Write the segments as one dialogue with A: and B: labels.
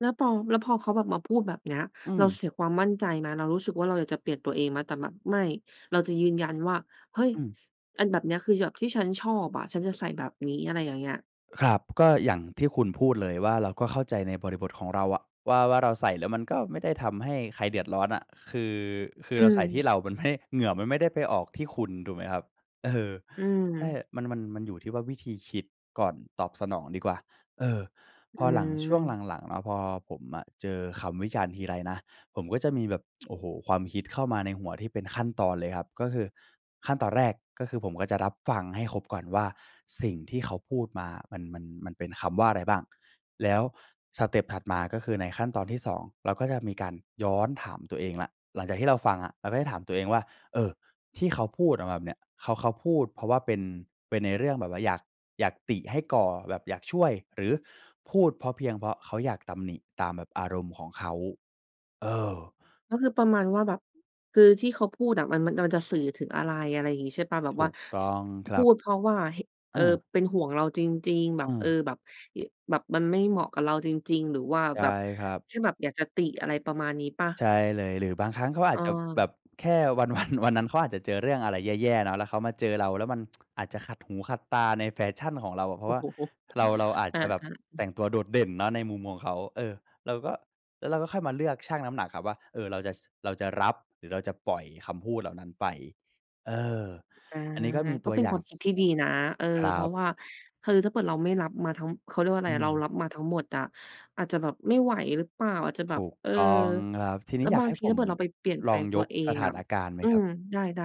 A: แล้วปอ แล้วพอเขาแบบมาพูดแบบนี้
B: อื
A: เรา
B: ม
A: เสียความมั่นใจไหม? เรารู้สึกว่าเราอยากจะเปลี่ยนตัวเองไหม? แต่แบบไม่ เราจะยืนยันว่า "เฮ้ย
B: อืม
A: อันแบบเนี้ย คืออย่างที่ฉันชอบอะ ฉันจะใส่แบบนี้" อะไรอย่างเงี้ย
B: ครับ ก็อย่างที่คุณพูดเลยว่า เราก็เข้าใจในบริบทของเราอะว่า ว่าเราใส่แล้วมันก็ไม่ได้ทำให้ใครเดือดร้อนอะ คือ คือ
A: อื
B: เราใส่ที่
A: ม
B: เรามันไม่ เหงื่อมันไม่ได้ไปออกที่คุณ ถูกไหมครับ? เออ
A: อื
B: ใช่
A: ม
B: มัน-มัน มันอยู่ที่ว่าวิธีคิดก่อนตอบสนองดีกว่า เออ
A: อื
B: พอหลัง ช่วง
A: ม
B: หลัง ๆ เนาะ พอผมอะเจอคำวิจารณ์ทีไรนะ ผมก็จะมีแบบ โอ้โฮ ความคิดเข้ามาในหัวที่เป็นขั้นตอนเลยครับ ก็คือขั้นตอนแรก ก็คือผมก็จะรับฟังให้ครบก่อนว่า สิ่งที่เขาพูดมามัน มัน มันเป็นคำว่าอะไรบ้าง แล้วสเต็ปถัดมา ก็คือในขั้นตอนที่ 2 เราก็จะมีการย้อนถามตัวเองแล้ว หลังจากที่เราฟังอะ เราก็จะถามตัวเองว่า เออ ที่เขาพูดออกมาแบบเนี่ย เขา เขาพูดเพราะว่าเป็น เป็นในเรื่องแบบว่าอยาก อยากติให้ก่อแบบอยากช่วย หรือพูดเพราะเพียงเพราะเขาอยากตำหนิตามแบบอารมณ์ของเขา เออ
A: ก็คือประมาณว่า แบบ คือที่เขาพูดอะมัน มันจะสื่อถึงอะไร อะไรอย่างนี้ใช่เปล่า แบบ
B: ถ
A: ว่
B: ู
A: า
B: กต้องค
A: พ
B: รั
A: ู
B: บ
A: ดเพราะว่า เห็น เอ
B: อ
A: ่อ
B: า
A: เป็นห่วงเราจริง ๆ แบ
B: เ
A: บ เอ
B: ออ
A: อ แบบ ย แบบมันไม่เหมาะกับเราจริง ๆ หรือว่า
B: ใช่
A: แบบ
B: ครับ
A: แค่แบบอยากจะติ อะไรประมาณนี้เปล่า?
B: ใช่เลย หรือบางครั้งเขาอาจจะแบ
A: เออ
B: บแค่วัน วัน วันนั้นเขาอาจจะเจอเรื่องอะไรแย่ ๆ เนาะ แล้วเขามาเจอเราแล้วมัน อาจจะขัดหูขัดตาในแฟชั่นของเราอะ เพรา
A: โ
B: ะ
A: อ้
B: ว่า
A: โฮ
B: เรา เราอาจ
A: อ
B: จะแบบ
A: า
B: แ
A: ๆ
B: ต
A: ๆ
B: ่งตัวโดดเด่นเนาะในมุมของเขา เออ เราก็ แล้วเราก็ค่อยมาเลือกชั่งน้ำหนักครับว่า เอ่อ เราจะ ช เราจะรับ หรือเราจะปล่อยคำพูดเหล่านั้นไป เออ
A: อา
B: อันนี้ก็มีต
A: ก็
B: ัว
A: เป็
B: อ
A: น
B: ย่า
A: คว
B: ง
A: าม
B: ส
A: คิดที่ดีนะ เออ
B: คร
A: เพ
B: ั
A: รา
B: บ
A: ะว่า คือถ้าเกิดเราไม่รับมาทั้ง เขาเรียกว่าอ
B: อ
A: ะไร
B: ื
A: อะ เรา
B: ม
A: รับมาทั้งหมดอะ อาจจะแบบไม่ไหวหรือเปล่า อาจจะแบ
B: ถ
A: บ
B: ูก
A: เออ
B: ต้องครับ ทีน
A: แ
B: ี
A: ล
B: ้
A: ้ว
B: อย
A: บ
B: าก
A: า
B: ใ
A: ง
B: ห้
A: ที
B: ผ
A: ถ้า
B: ม
A: เผื่อเราไปเปลี่ยนแ
B: ล
A: ปล
B: อง
A: งต
B: ย
A: ัว
B: ก
A: เอ
B: ส
A: ง
B: ถ
A: อ
B: า
A: ะ
B: นการณ์ไหม
A: อื
B: ครับ?
A: ม ได้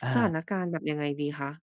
B: อ
A: สถาน
B: า
A: การณ์แบบยังไงดีคะ?